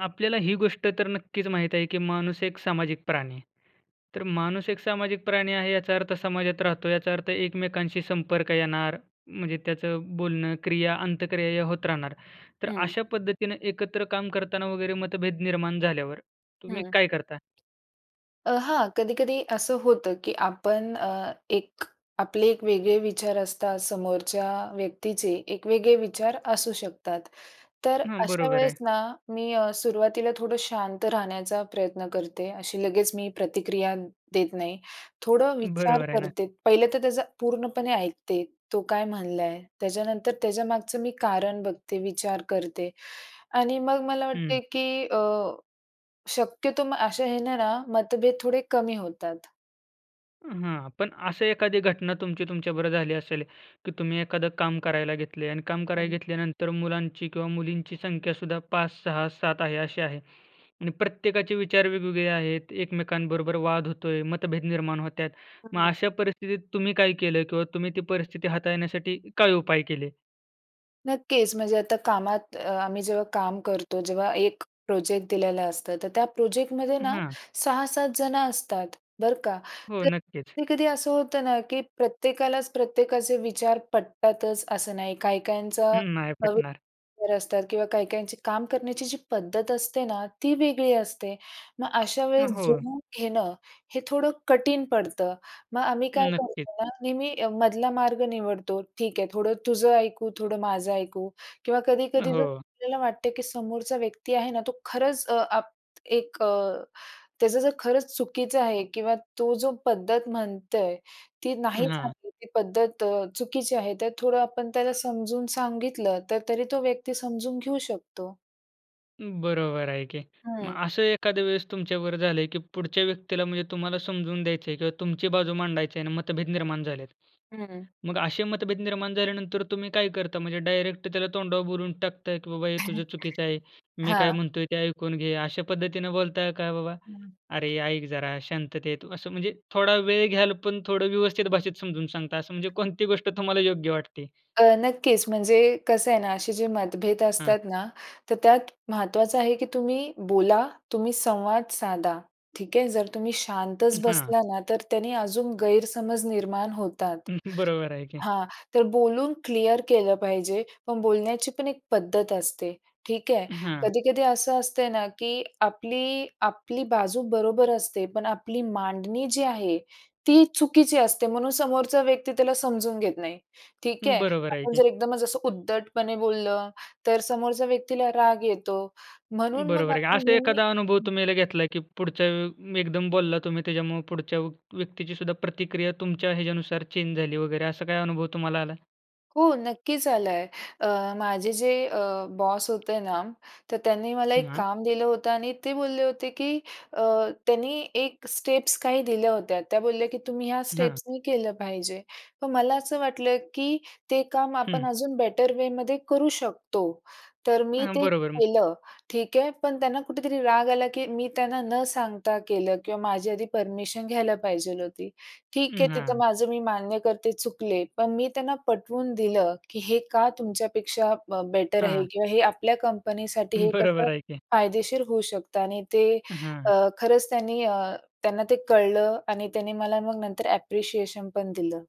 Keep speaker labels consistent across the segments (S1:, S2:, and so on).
S1: आपल्याला ही गोष्ट तर नक्कीच माहीत आहे, की माणूस एक सामाजिक प्राणी आहे. तर माणूस एक सामाजिक प्राणी आहे, याचा अर्थ समाजात राहतो, याचा अर्थ एकमेकांशी संपर्क येणार, म्हणजे त्याचं बोलणं, क्रिया-अंतक्रिया या होत राहणार. तर
S2: हं.
S1: अशा पद्धतीनं एकत्र काम करताना वगैरे मतभेद निर्माण झाल्यावर, तुम्ही
S2: हं.
S1: काय करता?
S2: अ, हां, कधी-कधी असं होतं, की आपण अ, एक आपले एक वेगळे विचार असतात, समोरच्या व्यक्तीचे एक वेगळे विचार असू शकतात. तर
S1: हां,
S2: अशा
S1: बरोबर
S2: वेळेस
S1: आहे.
S2: ना, मी अ, सुरुवातीला थोडं शांत राहण्याचा प्रयत्न करते. अशी लगेच मी प्रतिक्रिया देत नाही, थोडं विचार
S1: बरोबर आहे ना.
S2: करते. पहिलं तर त्याचा पूर्णपणे ऐकते, तो काय म्हणला आहे, त्याच्यानंतर त्याच्यामागचं मी कारण बघते, विचार करते आणि मग मला
S1: हं.
S2: वाटतंय, की अ, शक्यतो म अशा ह्याने ना मतभेद थोडे कमी होतात.
S1: हां, पण असं एखादी घटना तुमची तुमच्याबरोबर झाली असेल, की तुम्ही एखादं काम करायला घेतलं आहे आणि काम करायला
S2: हं.
S1: घेतल्यानंतर मुलांची किंवा मुलींची संख्यासुद्धा 5, 6, 7 आहे, अशी आहे. आणि प्रत्येकाचे विचार वेगवेगळे आहेत, एकमेकांबरोबर वाद होतोय, मतभेद निर्माण होत आहेत. मग
S2: हं.
S1: अशा परिस्थितीत तुम्ही काय केलं किंवा तुम्ही ती परिस्थिती हाताळण्यासाठी काय उपाय केले?
S2: नक्कीच म्हणजे आता कामात अ, आम्ही जेव्हा काम करतो जेव्हा एक प्रोजेक्ट दिलेला असतं, तर त्या प्रोजेक्टमध्ये ना
S1: हां.
S2: 6-7 जणं असतात, बरं का?
S1: हो,
S2: तर
S1: नक्कीच.
S2: कधी-कधी असं होतं ना, की प्रत्येकालाच प्रत्येकाचे विचार पटतातच असं नाही. काही-काहींचा
S1: हं, नाही
S2: [unintelligible]
S1: पटणार.
S2: असतात किंवा काही-काहींची काम करण्याची जी पद्धत असते ना, ती वेगळी असते. मग अशा
S1: अ,
S2: वेळेस
S1: हो.
S2: जुळूवून घेणं, हे थोडं कठीण पडतं. मग आम्ही काय
S1: नक्कीच.
S2: करतो ना, नेहमी मधला मार्ग निवडतो. ठीक आहे, थोडं तुझं ऐकू, थोडं माझं ऐकू किंवा कधी-कधी जर
S1: हो.
S2: आपल्याला वाटते, की समोरचा व्यक्ती आहे ना तो खरंच अ, आप एक अ, त्याचं जर खरंच चुकीचं आहे किंवा तो जो पद्धत म्हणतोय, ती
S1: अ,
S2: नाही
S1: हां.
S2: चांगली ती पद्धत चुकीची आहे, तर थोडं आपण त्याला समजून सांगितलं तर तरी तो व्यक्ती समजून घेऊ शकतो.
S1: बरोबर आहे, की मग
S2: हं.
S1: असं एखाद्या वेळेस तुमच्याबरोबर झालंय की पुढच्या व्यक्तीला म्हणजे तुम्हाला समजवून द्यायचं आहे किंवा तुमची बाजू मांडायची आहे आणि मतभेद
S2: [unintelligible]
S1: निर्माण झालेत.
S2: हं.
S1: मग असे मत भेद निर्माण झाल्यानंतर तुम्ही काय करता? म्हणजे डायरेक्ट त्याला तोंडावर बोलून टाकता, की बाबा "हे तुझं चुकीचं आहे. मी काय
S2: हां.
S1: म्हणतोय ते ऐकून घे" अशा पद्धतीनं बोलताय? का बाबा
S2: हं.
S1: "अरे ऐक जरा शांततेत," असं म्हणजे थोडा वेळ घ्याल पण थोडं व्यवस्थित भाषेत समजून सांगता, असं म्हणजे कोणती गोष्ट तुम्हाला योग्य वाटते?
S2: अ, नक्कीच म्हणजे कसं आहे ना? असे जे मतभेद
S1: हां.
S2: असतात ना, तर त्यात महत्त्वाचं आहे की तुम्ही बोला, तुम्ही संवाद साधा, ठीक आहे. जर तुम्ही शांतच
S1: हं, हां.
S2: बसला ना, तर त्याने अजून गैरसमज निर्माण होतात
S1: हं, बरोबर आहे की.
S2: हां. तर बोलून क्लिअर केलं पाहिजे पण बोलण्याचीपण एक पद्धत असते, ठीक आहे.
S1: अ, हां.
S2: कधी-कधी असं असते ना, की आपली आपली बाजू बरोबर असते, पण आपली मांडणी जी आहे ती चुकीची असते. म्हणून समोरचा व्यक्ती त्याला समजून घेत नाही, ठीक आहे.
S1: बरोबर आहे
S2: आपण
S1: की.
S2: जर एकदमच असं उद्धटपणे बोललं तर समोरच्या व्यक्तीला राग येतो म्हणून मग
S1: बरोबर आहे, की
S2: आपण
S1: असा
S2: नेहमी
S1: एखादा अनुभव तुम्ही आता घेतला, की पुढचा एकदम बोलला तुम्ही त्याच्यामुळे पुढच्या व व्यक्तीची सुद्धा प्रतिक्रिया तुमच्या ह्याच्यानुसार चेंज झाली वगैरे, असा काय अनुभव तुम्हाला आला आहे?
S2: हो नक्कीच आला आहे अ, माझे जे अ, बॉस होते ना, तर त्यांनी मला एक
S1: हां.
S2: काम दिलं होतं आणि ते बोलले होते की अ, त्यांनी एक स्टेप्स काही दिल्या होत्या. त्या बोलल्या की तुम्ही ह्या
S1: हं.
S2: स्टेप्स मी केलं पाहिजे. पण मला असं वाटलं, की ते काम आपण
S1: हं.
S2: अजून बेटर वेमध्ये करू शकतो, तर मी
S1: अ,
S2: ते
S1: बरोबर.
S2: केलं, ठीक आहे. पण त्यांना कुठेतरी राग आला, की मी त्यांना न सांगता केलं किंवा माझी आधी परमिशन घ्यायला पाहिजेल होती, ठीक आहे.
S1: अं,
S2: तिथं
S1: हां.
S2: माझं मी मान्य करते, चुकले, पण मी त्यांना पटवून दिलं, की हे का तुमच्यापेक्षा बेटर आहे?
S1: हां.
S2: किंवा हे आपल्या कंपनीसाठी हे
S1: बरोबर
S2: कसं
S1: आहे की.
S2: फायदेशीर होऊ शकतं आणि ते
S1: अं, हां.
S2: अ, खरंच त्यांनी अ, त्यांना ते कळलं आणि त्यांनी मला मग नंतर ॲप्रिशिएशन पण दिलं.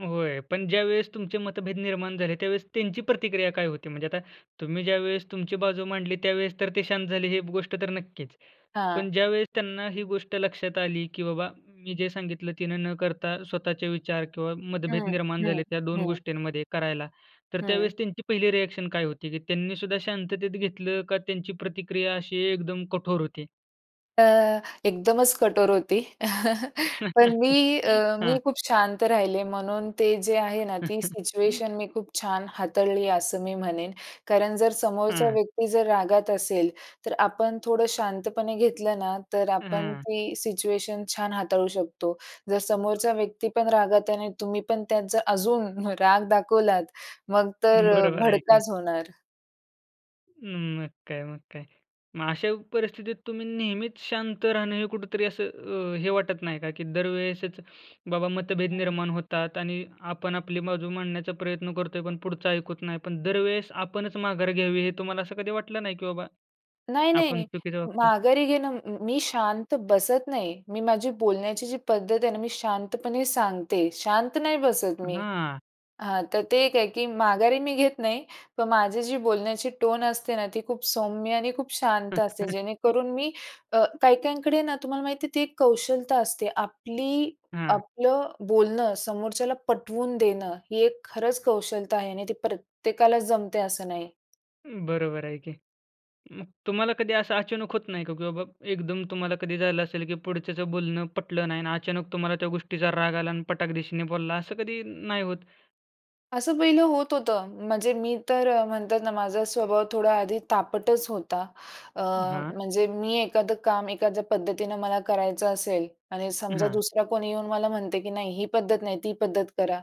S1: होय. पण ज्यावेळेस तुमचे मतभेद निर्माण झाले, त्यावेळेस त्यांची प्रतिक्रिया काय होती? म्हणजे आता तुम्ही ज्यावेळेस तुमची बाजू मांडली. त्यावेळेस तर ते शांत झाले हे गोष्ट तर नक्कीच. पण
S2: हां.
S1: ज्यावेळेस त्यांना ही गोष्ट लक्षात आली, की बाबा मी जे सांगितलं. तिनं न करता स्वतःचे विचार किंवा मतभेद
S2: हं.
S1: निर्माण
S2: हं.
S1: झाले त्या दोन
S2: हं.
S1: गोष्टींमध्ये करायला, तर
S2: हं.
S1: त्यावेळेस त्यांची पहिली रिएक्शन काय होती, की त्यांनीसुद्धा शांततेत घेतलं का त्यांची प्रतिक्रिया अशी एकदम कठोर होती?
S2: अ, एकदमच कठोर होती. पण मी अ, मी
S1: हां.
S2: खूप शांत राहिले म्हणून ते जे आहे ना, ती सिच्युएशन मी खूप छान हाताळली असं मी म्हणेन. कारण जर समोरचा
S1: हं.
S2: व्यक्ती जर रागात असेल, तर आपण थोडं शांतपणे घेतलं ना, तर आपण
S1: हं.
S2: ती सिच्युएशन छान हाताळू शकतो. जर समोरचा व्यक्तीपण रागात आणि तुम्ही पण त्याचा अजून राग दाखवलात मग तर
S1: बरोबर आहे की.
S2: भडकाच होणार.
S1: अं, मग काय, मग काय. मग अशा परिस्थितीत तुम्ही नेहमीच शांत राहणं हे कुठेतरी असं अ, हे वाटत नाही का? की दरवेळेसच बाबा मतभेद
S2: हं.
S1: निर्माण होतात आणि आपण आपली बाजू मांडण्याचा प्रयत्न करतो आहे पण पुढचं ऐकत नाही? पण दरवेळेस आपणच माघार घ्यावी. हे तुम्हाला असं कधी वाटलं नाही, की बाबा,
S2: नाही,
S1: आपण
S2: नाही.
S1: चुकीचं वागतो आहे?
S2: माघारी घेणं मी शांत बसत नाही. मी माझी बोलण्याची जी पद्धत आहे ना, मी शांतपणे सांगते. शांत नाही बसत मी
S1: हां.
S2: हां, तर ते एक आहे, की माघारी मी घेत नाही. पण माझी जी बोलण्याची टोन असते ना, ती खूप सौम्य आणि खूप शांत असते. जेणेकरून मी अ, काही काहींकडे ना, तुम्हाला माहिती आहे ती एक कौशलता असते. आपली
S1: हां.
S2: आपलं बोलणं समोरच्याला पटवून देणं, ही एक खरंच कौशलता आहे आणि ती प्रत्येकालाच जमते असं नाही.
S1: बरोबर आहे की. मग तुम्हाला कधी असं अचानक होत नाही का? की बाबा एकदम तुम्हाला कधी झालं असेल की पुढच्याचं बोलणं पटलं नाही आणि अचानक तुम्हाला त्या गोष्टीचा राग आला आणि पटाक-धिशीने बोलला असं कधी नाही होतं?
S2: असं पहिलं होत होतं. म्हणजे मी तर म्हणतात ना माझा स्वभाव थोडा आधी तापटच होता. अ,
S1: हां.
S2: म्हणजे मी एखादं काम एखाद्या पद्धतीनं मला करायचं असेल आणि समजा
S1: हां.
S2: दुसरा कोणी येऊन मला म्हणत आहे की नाही ही पद्धत नाही, ती पद्धत करा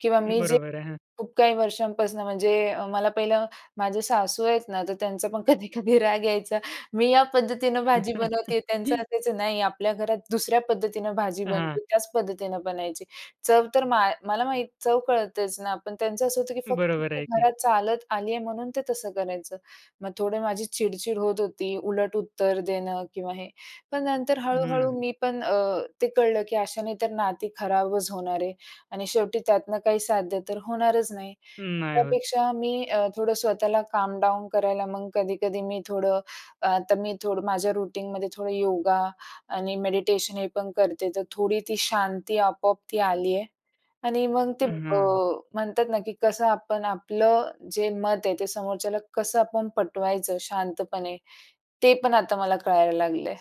S2: किंवा मी जे
S1: बरोबर आहे. हां.
S2: खूप काही वर्षांपासनं म्हणजे मला पहिलं माझे सासू आहेत ना तर त्यांचा पण कधी-कधी राग यायचा. मी या पद्धतीनं भाजी बनवते त्यांचं असायचं "नाही, आपल्या घरात दुसऱ्या पद्धतीनं भाजी
S1: हां.
S2: बनते त्याच पद्धतीनं बनायची." चव तर मा मला माहीत चव कळतेच ना पण त्यांचं असं होतं की फक्त
S1: बरोबर
S2: ती
S1: आहे. ते.
S2: घरात चालत आली आहे म्हणून ते तसं करायचं. मग थोडं माझी चिड-चिड होत होती, उलट उत्तर देणं किंवा हे. पण नंतर हळू-हळू
S1: हम्म.
S2: मी पण अ, ते कळलं की अशाने तर नाती खराबच होणार आहे आणि शेवटी त्यातनं काही साध्य तर होणारच नाही.
S1: नाही होत.
S2: त्यापेक्षा मी अ, थोडं स्वतःला काम डाऊन करायला मग कधी-कधी मी थोडं अ, तर मी थोडं माझ्या रूटीनमध्ये थोडं योगा आणि मेडिटेशन हे पण करते. तर थोडी ती शांती आपोआप ती आली आहे. आणि मग ते
S1: अ,
S2: अ,
S1: हां.
S2: म्हणतात ना की कसं आपण आपलं जे मत आहे ते समोरच्याला कसं आपण पटवायचं शांतपणे, ते पण आता मला कळायला लागलंय.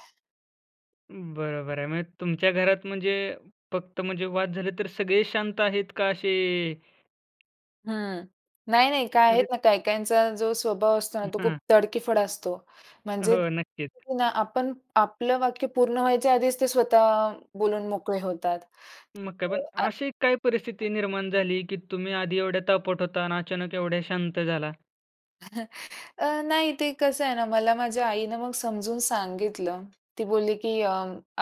S1: बरोबर आहे. म्हणजे तुमच्या घरात, म्हणजे फक्त म्हणजे वाद झाले तर सगळे शांत आहेत का असे
S2: हं. नाही, नाही काय आहेत
S1: म्हणजे
S2: ना, काही-काहींचा जो स्वभाव असतो ना, तो खूप
S1: हां.
S2: तडकीफड असतो. म्हणजे
S1: हो, नक्कीच.
S2: [unintelligible] आपण आपलं वाक्य पूर्ण व्हायच्या आधीच, ते स्वतः बोलून मोकळे होतात.
S1: मग काय.
S2: अ,
S1: पण,
S2: आ
S1: अशी काही
S2: हं.
S1: परिस्थिती निर्माण झाली, की तुम्ही आधी एवढ्या तापट होता आणि अचानक एवढ्या शांत झाला?
S2: अ, नाही ते कसं आहे ना, मला माझ्या आईनं मग समजून सांगितलं. ती बोलली, की अ,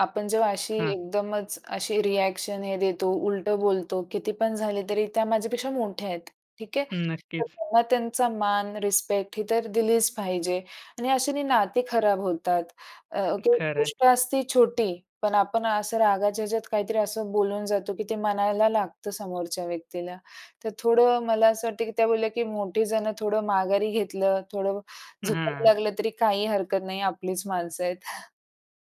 S2: आपण जेव्हा अशी
S1: हां.
S2: एकदमच, अशी रिएक्शन हे देतो, उलटं बोलतो, कितीपण झाले तरी त्या माझ्यापेक्षा मोठ्या आहेत. ठीक आहे.
S1: हं,
S2: तर
S1: नक्कीच.
S2: त्यांना त्यांचा मान, रिस्पेक्ट ही तर दिलीच पाहिजे आणि अश्याने नाती खराब होतात. अ, ती
S1: खरं आहे.
S2: गोष्ट असते छोटी, पण आपण असं रागाच्या ह्याच्यात काहीतरी असं बोलून जातो, की ते मनाला लागतं समोरच्या व्यक्तीला. तर थोडं मला असं वाटतं, की त्या बोलल्या की "मोठी जणं थोडं माघारी घेतलं, थोडं
S1: अ,
S2: झुकाव
S1: हां.
S2: लागलं तरी काही हरकत नाही, आपलीच माणसं आहेत."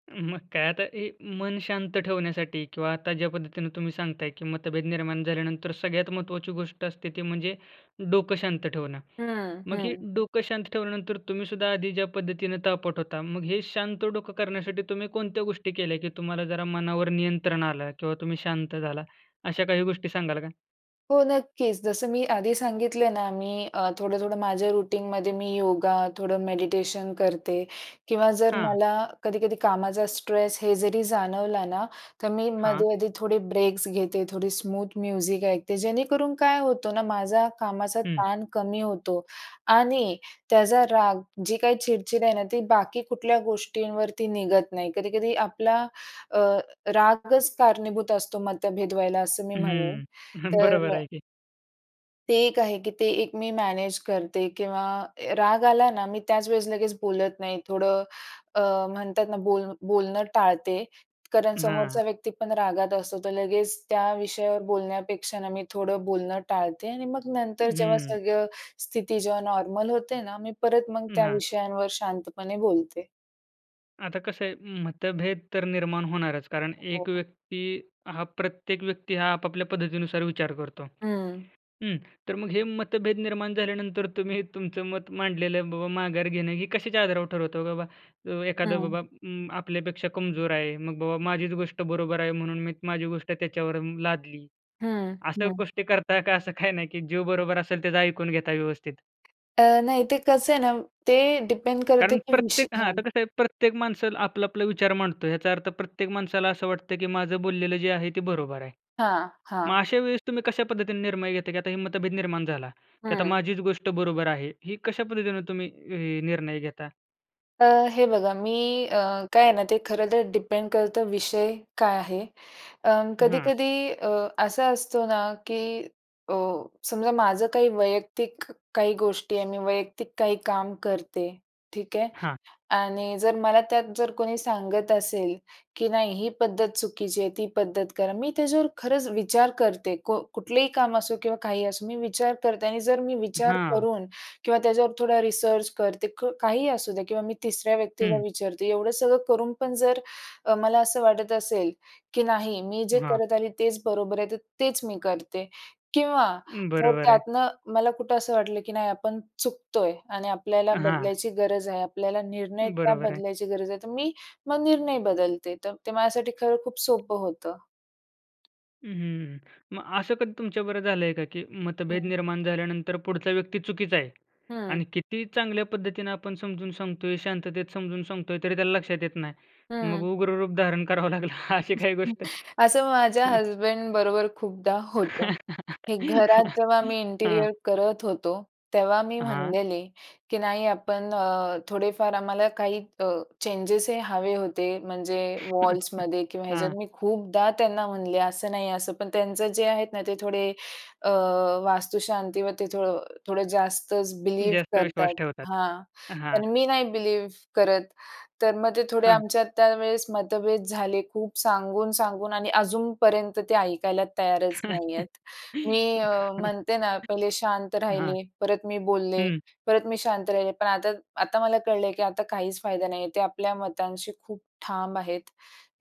S1: मग काय. आता हे मन शांत ठेवण्यासाठी किंवा आता ज्या पद्धतीनं तुम्ही सांगताय, की मतभेद निर्माण झाल्यानंतर सगळ्यात महत्त्वाची गोष्ट असते, ती म्हणजे डोकं शांत ठेवणं.
S2: हं,
S1: मग ही
S2: हं.
S1: डोकं शांत ठेवल्यानंतर तुम्हीसुद्धा आधी ज्या पद्धतीनं तापट होता, मग हे शांत डोकं करण्यासाठी तुम्ही कोणत्या गोष्टी केल्या? की तुम्हाला जरा मनावर नियंत्रण आलं किंवा तुम्ही शांत झाला, अशा काही गोष्टी सांगाल का?
S2: हो, नक्कीच. जसं मी आधी सांगितले ना, मी अ, थोडं-थोडं माझ्या रूटीनमध्ये मी योगा, थोडं मेडिटेशन करते किंवा जर
S1: हां.
S2: मला कधी-कधी कामाचा स्ट्रेस हे जरी जाणवला ना, तर मी
S1: हां.
S2: मध्ये मध्ये थोडे ब्रेक्स घेते, थोडी स्मूथ म्युझिक ऐकते. जेणे करून काय होतो ना, माझा कामाचा
S1: हं.
S2: ताण कमी होतो आणि त्याचा राग जी काही चिडचिड आहे ना, ती बाकी कुठल्या गोष्टींवरती निघत नाही. कधी-कधी आपला अ, रागच कारणीभूत असतो मतभेद व्हायला, असं मी म्हणेन.
S1: हं.
S2: तर
S1: बरोबर
S2: अ
S1: आहे की.
S2: ते एक आहे, की ते एक मी मॅनेज करते किंवा अ, राग आला ना, मी त्याच वेळेस लगेच बोलत नाही. थोडं अ, म्हणतात ना, बोल बोलणं टाळते कारण
S1: अ, हां.
S2: समोरचा व्यक्ती पण रागात असतो. तर लगेच त्या विषयावर बोलण्यापेक्षा ना, मी थोडं बोलणं टाळते आणि मग नंतर जेव्हा
S1: हं.
S2: सगळं स्थिती जेव्हा नॉर्मल होते ना, मी परत मग
S1: अं,
S2: त्या
S1: हां.
S2: विषयांवर शांतपणे बोलते.
S1: आता कसं आहे, मतभेद तर निर्माण होणारच कारण एक
S2: हो.
S1: व्यक्ती हा प्रत्येक व्यक्ती हा आपापल्या पद्धतीनुसार विचार करतो.
S2: हं.
S1: हं. तर मग हे मतभेद निर्माण झाल्यानंतर, तुम्ही तुमचं मत मांडलेलं बाबा माघार घेणं, हे कशाच्या आधारावर ठरवतं, बाबा, एखादं
S2: हं.
S1: बाबा अं, आपल्यापेक्षा कमजोर आहे. मग बाबा
S2: [unintelligible]
S1: माझीच गोष्ट बरोबर आहे, म्हणून मी माझी गोष्ट त्याच्यावर अं, लादली.
S2: हं,
S1: अशा
S2: हं.
S1: गोष्टी करता का, असं काही नाही की जो बरोबर असेल त्याचं ऐकून घेता व्यवस्थित?
S2: तर अ, नाही ते कसं आहे ना, ते डिपेंड करते,
S1: कारण
S2: की विष
S1: प्रत्येक हां.
S2: हां.
S1: आता कसं आहे प्रत्येक माणसं आपला आपला विचार मांडतो. याचा अर्थ प्रत्येक माणसाला असं वाटतं, की माझं बोललेलं जे आहे ते बरोबर आहे.
S2: हां,
S1: मग
S2: हां.
S1: अशा वेळेस तुम्ही कशा पद्धतीने निर्णय घेता? की आता ही मतभेद निर्माण झाला, की आता
S2: हं.
S1: माझीच गोष्ट बरोबर आहे, ही कशा पद्धतीने तुम्ही अ, निर्णय घेता?
S2: अ, हे बघा मी अ, काय आहे ना, ते खरं तर डिपेंड करतं विषय काय आहे? अं,
S1: हं.
S2: कधी-कधी अ, असा असतो ना, की अ, समजा माझं काही वैयक्तिक काही गोष्टी आहे, मी वैयक्तिक काही काम करते, ठीक आहे.
S1: हां.
S2: आणि जर मला त्यात जर कोणी सांगत असेल, की नाही ही पद्धत चुकीची आहे, ती पद्धत करा. मी त्याच्यावर खरंच विचार करते. को कुठलेही काम असो किंवा काहीही असो. मी विचार करते आणि जर मी
S1: अ,
S2: विचार
S1: हां.
S2: करून किंवा त्याच्यावर थोडा रिसर्च करते. क काहीही असू द्या किंवा मी तिसऱ्या व्यक्तीला
S1: हं.
S2: विचारते. एवढं सगळं करून पण जर अ, मला असं वाटत असेल, की नाही, मी जे
S1: हां.
S2: करत आली, तेच बरोबर आहे. तर तेच मी करते किंवा
S1: अं,
S2: जर
S1: बरोबर आहे.
S2: त्यातनं मला कुठं असं वाटलं, की नाही आपण चुकतोय आणि आपल्याला
S1: हां.
S2: बदलायची गरज आहे, आपल्याला निर्णय त्या
S1: बरोबर आहे.
S2: बदलायची गरज आहे, तर मी मग निर्णय बदलते. तर ते माझ्यासाठी खरं खूप सोपं होतं.
S1: हं, हं. मग असं कधी तुमच्याबरोबर झालंय का, की मतभेद
S2: हं.
S1: निर्माण झाल्यानंतर पुढचा व्यक्ती चुकीचा आहे आणि
S2: हं.
S1: कितीही चांगल्या पद्धतीनं आपण समजून सांगतोय, शांततेत समजून सांगतोय, तरी त्याला लक्षात येत नाही. मग
S2: हं.
S1: उग्र रूप धारण करावं लागलं, अशी काही
S2: [unintelligible]
S1: गोष्ट?
S2: असं माझ्या हसबंडबरोबर खूपदा होतं. हे घरात जेव्हा मी
S1: हां.
S2: इंटेरिअर करत होतो. तेव्हा मी
S1: हां.
S2: म्हणलेले, की नाही आपण अ, थोडेफार आम्हाला काही अ, चेंजेस हे हवे होते. म्हणजे वॉल्समध्ये किंवा ह्याच्यात.
S1: हां.
S2: मी खूपदा त्यांना म्हणले, "असं नाही, असं." पण त्यांचं जे आहेत ना, ते थोडे अ, वास्तुशांतवरती थो थोडं जास्तच बिलीव्ह
S1: जास्त विश्वास
S2: करतात.
S1: ठेवतात.
S2: हां.
S1: अ, हां.
S2: तर मी नाही बिलीव्ह करत. तर मग ते थोडे
S1: हां.
S2: आमच्यात त्यावेळेस मतभेद झाले. खूप सांगून, सांगून आणि अजूनपर्यंत ते ऐकायला तयारच नाही आहेत. मी अ, म्हणते ना, पहिले शांत
S1: हां.
S2: राहिले, परत मी बोलले,
S1: हं.
S2: परत मी शांत राहिले. पण आता आता मला कळलंय, की आता काहीच फायदा नाही आहे. ते आपल्या मतांशी खूप ठाम आहेत.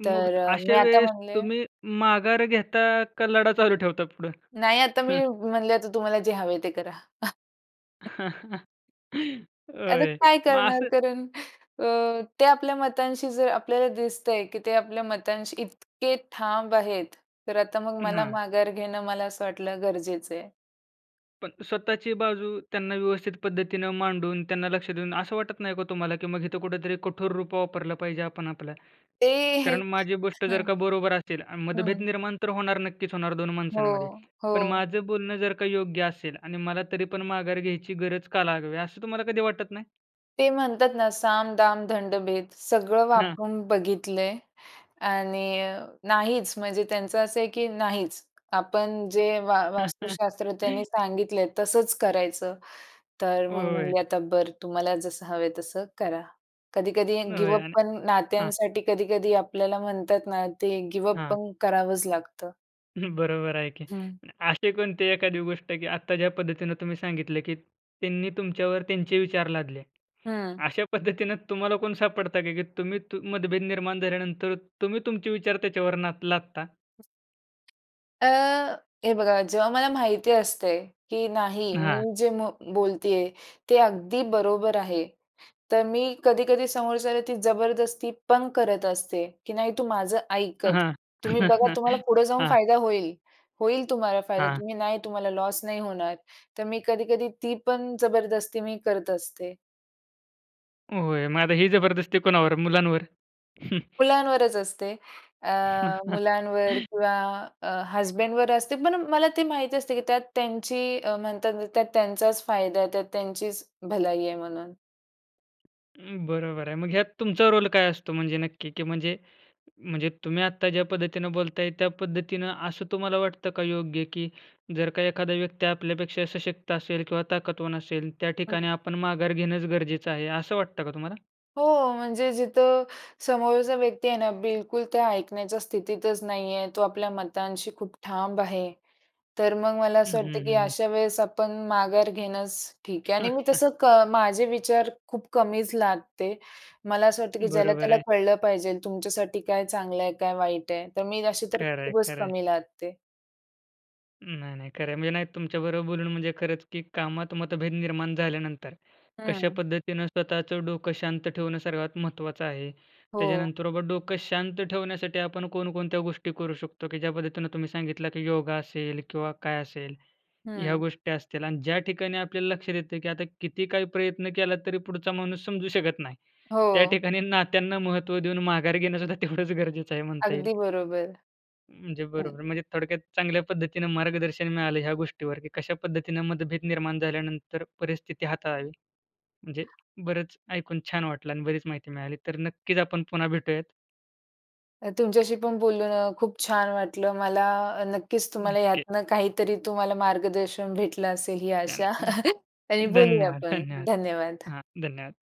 S1: मग
S2: तर अ,
S1: अशा
S2: मी आता
S1: वेळेस
S2: म्हणले
S1: तुम्ही
S2: [unintelligible]
S1: माघार घेता का लढा चालू ठेवतात पुढं?
S2: नाही, आता मी म म्हणले, आता तुम्हाला जे हवंय ते करा. आता
S1: होय.
S2: काय
S1: मग
S2: करणार
S1: असं
S2: कारण अ, ते आपल्या मतांशी जर आपल्याला दिसतंय, की ते आपल्या मतांशी इतके ठाम आहेत. तर आता मग
S1: अ,
S2: मला
S1: हां.
S2: माघार घेणं, मला असं वाटलं गरजेचं आहे.
S1: पण स्वतःची बाजू त्यांना व्यवस्थित पद्धतीनं मांडून त्यांना लक्ष देऊन, असं वाटत नाही का तुम्हाला, की मग इथं कुठेतरी कठोर रूप वापरलं पाहिजे आपण आपलं?
S2: ते
S1: कारण माझी गोष्ट जर का
S2: अ,
S1: बरोबर असेल आ, मतभेद
S2: हं.
S1: निर्माण तर होणार नक्कीच होणार 2 माणसांमध्ये.
S2: हो.
S1: पण
S2: हो.
S1: माझं बोलणं जर का योग्य असेल आणि मला तरी पण माघार घ्यायची गरज का लागावी असं तुम्हाला कधी वाटत नाही?
S2: ते म्हणतात ना, साम, दाम, दंडभेद सगळं
S1: हां.
S2: वापरून बघितलंय आणि अ, नाहीच, म्हणजे त्यांचं असं आहे, की नाहीच. आपण जे वा वास्तुशास्त्र त्यांनी सांगितलंय तसंच करायचं. तर मग
S1: होय.
S2: म्हणाले, "आता बरं तुम्हाला जसं हवं आहे तसं करा." कधी-कधी गिव
S1: होय
S2: अप
S1: आणि
S2: पण
S1: हां.
S2: नात्यांसाठी कधी-कधी आपल्याला म्हणतात ना ते गिव अप
S1: हां.
S2: पण करावंच लागतं.
S1: बरोबर आहे की
S2: हं.
S1: आणि असे कोणते एखादी गोष्ट, की आत्ता ज्या पद्धतीने तुम्ही सांगितले, की त्यांनी तुमच्यावर त्यांचे विचार लादले.
S2: हं
S1: अशा पद्धतीने तुम्हाला कोण सापडतं का, की तुम्ही मतभेद निर्माण झाल्यानंतर तुम्ही तुमचे विचार त्याच्यावर नाद लादता?
S2: अ, हे बघा जेव्हा मला माहिती असते, की नाही
S1: हां.
S2: मी जे म बोलते आहे, ते अगदी बरोबर आहे. तर मी कधी-कधी समोरच्याला ती जबरदस्ती पण करत असते, की नाही तू माझा ऐकच.
S1: हां.
S2: तुम्ही बघा तुम्हाला पुढं जाऊन
S1: हां.
S2: फायदा होईल, होईल तुम्हाला फायदा
S1: हां.
S2: तुम्ही नाही तुम्हाला लॉस नाही होणार. तर मी कधी-कधी ती पण जबरदस्ती मी करत असते.
S1: होय, मग आता ही जबरदस्ती कोणावर? मुलांवर?
S2: मुलांवरच असते. अ, मुलांवर किंवा अ, हजबंडवर असते पण मला ते माहीत असते की त्यात त्यांची अ, म्हणतात ना त्यात त्यांचाच फायदा आहे, त्यात त्यांचीच भलाई आहे म्हणून.
S1: अं, बरोबर आहे, मग ह्यात तुमचा रोल काय असतो म्हणजे नक्की की म्हणजे, म्हणजे तुम्ही आत्ता ज्या पद्धतीने बोलताय त्या पद्धतीनं असं तुम्हाला वाटतं का योग्य? की जर का एखादा व्यक्ती आपल्यापेक्षा सशक्त असेल किंवा ताकदवान असेल त्या
S2: हं.
S1: ठिकाणी आपण माघार घेणंच गरजेचं आहे, असं वाटतं का तुम्हाला?
S2: हो म्हणजे जिथं समोरचा व्यक्ती आहे ना बिलकुल त्या ऐकण्याच्या स्थितीतच नाही आहे, तो आपल्या मतांशी खूप ठाम आहे, तर मग मला
S1: हं,
S2: असं वाटतं
S1: हं,
S2: की
S1: हं, हं.
S2: अशा वेळेस आपण माघार घेणंच ठीक आहे आणि मी तसं क माझे विचार खूप कमीच लादते. मला असं वाटतं की
S1: बरोबर
S2: ज्याला-त्याला
S1: आहे.
S2: कळलं पाहिजे तुमच्यासाठी काय चांगलं आहे, काय वाईट आहे. तर मी अशी तर
S1: खरंय,
S2: खूपच
S1: खरंय.
S2: कमी लादते.
S1: नाही, नाही खरं आहे, म्हणजे नाही तुमच्याबरोबर बोलून म्हणजे खरंच की कामात मतभेद निर्माण झाल्यानंतर कशा
S2: हं.
S1: पद्धतीनं स्वतःचं डोकं शांत ठेवणं सर्वात महत्त्वाचं आहे.
S2: हो.
S1: त्याच्यानंतर बाबा डोकं शांत ठेवण्यासाठी आपण कोणकोणत्या गोष्टी करू शकतो, की ज्या पद्धतीनं तुम्ही सांगितलं की योगा असेल किंवा काय असेल, ह्या
S2: हं.
S1: गोष्टी असतील आणि ज्या ठिकाणी आपल्याला लक्षात येतय की आता किती काही प्रयत्न केला तरी पुढचा माणूस समजू शकत नाही, त्या
S2: हो.
S1: ठिकाणी नात्यांना महत्त्व देऊन माघार घेणंसुद्धा तेवढंच गरजेचं आहे म्हणता येईल.
S2: अगदी बरोबर.
S1: म्हणजे
S2: हं.
S1: बरोबर. म्हणजे थोडक्यात चांगल्या पद्धतीनं मार्गदर्शन मिळालं ह्या गोष्टीवर की कशा पद्धतीनं मतभेद निर्माण झाल्यानंतर परिस्थिती हाताळावी. म्हणजे बरंच ऐकून छान वाटलं आणि बरीच माहिती मिळाली. तर नक्कीच आपण पुन्हा भेटूयात.
S2: अ, तुमच्याशी पण बोलून अ, खूप छान वाटलं मला. अ, नक्कीच तुम्हाला
S1: नक्की.
S2: यातनं काहीतरी तुम्हाला मार्गदर्शन भेटलं असेल ही आशा
S1: चालेल न
S2: आणि बोलूया
S1: धन्यवाद,
S2: आपण.
S1: धन्यवाद.
S2: धन्यवाद!
S1: हां. धन्यवाद.